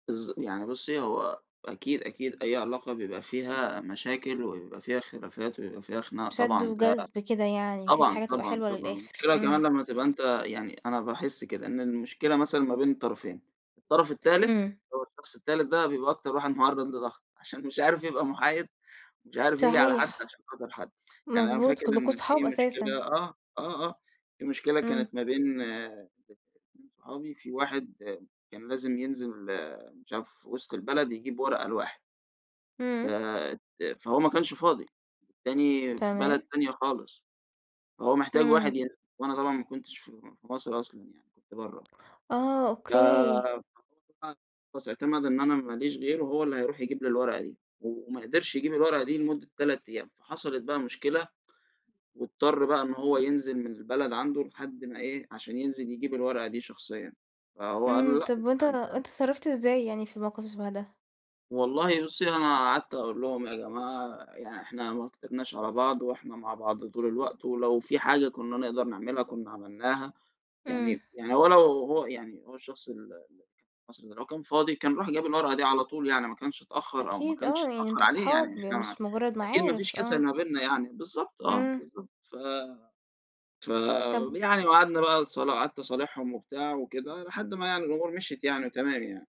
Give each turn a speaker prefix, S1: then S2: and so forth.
S1: بالض يعني بُصي هو أكيد أكيد، أي علاقة بيبقى فيها مشاكل وبيبقى فيها خلافات ويبقى فيها خناق
S2: شد
S1: طبعًا، ده
S2: وجذب كده يعني ما فيش
S1: طبعًا،
S2: حاجة تبقى
S1: طبعًا،
S2: حلوة
S1: طبعًا.
S2: للآخر.
S1: المشكلة كمان
S2: إمم.
S1: لمّا تبقى أنتَ يعني أنا باحِس كده إن المشكلة مثلًا ما بين الطرفين، الطرف التالت،
S2: إمم.
S1: اللي هو الشخص التالت ده بيبقى أكتَر واحد مُعرَّض لضغط، عشان مش عارِف يبقى محايِد ومش عارِف ييجي على حد
S2: صحيح.
S1: عشان خاطِر حد. يعني أنا
S2: مضبوط
S1: فاكر
S2: كُلُّكم
S1: إن في
S2: أصحاب
S1: مشكلة
S2: أساسًا.
S1: آه آه، في مشكلة
S2: إمم.
S1: كانت ما بين اتنين صحابي، في واحد كان لازم ينزِل مش عارِف وسط البلد يجيب ورقة لواحد.
S2: إمم.
S1: فأت فهو ما كانش فاضي، التاني في بلد
S2: تمام.
S1: تانية خالص. هو محتاج واحد
S2: إمم.
S1: ينزِل، وأنا طبعًا ما كنتش في في مصر أصلًا يعني، كنت برّه.
S2: آه،
S1: ف
S2: أوكي.
S1: ف خلاص اعتمَد إن أنا ما ليش غيره، هو اللي هيرُوح يجيب لي الورقة دي، وما قدِرش يجيب الورقة دي لمدة 3 أيام، فحصِلِت بقى مشكلة، واضطَر بقى إنه هو ينزِل من البلد عنده لحد ما إيه، عشان ينزِل يجيب الورقة دي شخصيًا. فهو قال له:
S2: إمم،
S1: "لأ
S2: طب وأنت
S1: أنتَ
S2: أنت
S1: م"
S2: اتصرّفت إزاي يعني في الموقف شبه ده؟
S1: والله بُصي، أنا قعدت أقول لهُم: "يا جماعة يعني إحنا ما كترناش على بعض وإحنا مع بعض طول الوقت، ولو في حاجة كُنّا نقدَر نعمِلها كُنّا عمِلناها."
S2: إمم.
S1: يعني يعني هو لو هو يعني هو الشخص ال أصل هو لو كان فاضي كان راح جاب الورقة دي على طول، يعني ما كانش اتأخَّر أو ما
S2: أكيد آه
S1: كانش
S2: يعني
S1: يتأخَّر
S2: أنتم
S1: عليه، يعني
S2: أصحاب
S1: إحنا ما
S2: مش مجرد
S1: أكيد ما فيش
S2: معارف.
S1: كسَل
S2: آه.
S1: ما بينَّا يعني. بالضبط، آه،
S2: إمم.
S1: بالضبط، ف
S2: طب
S1: فيعني وقعدنا بقى صلا قعدت أصالِحهُم وبتاع وكده، لحد ما يعني الأمور مِشيِت يعني وتمام يعني.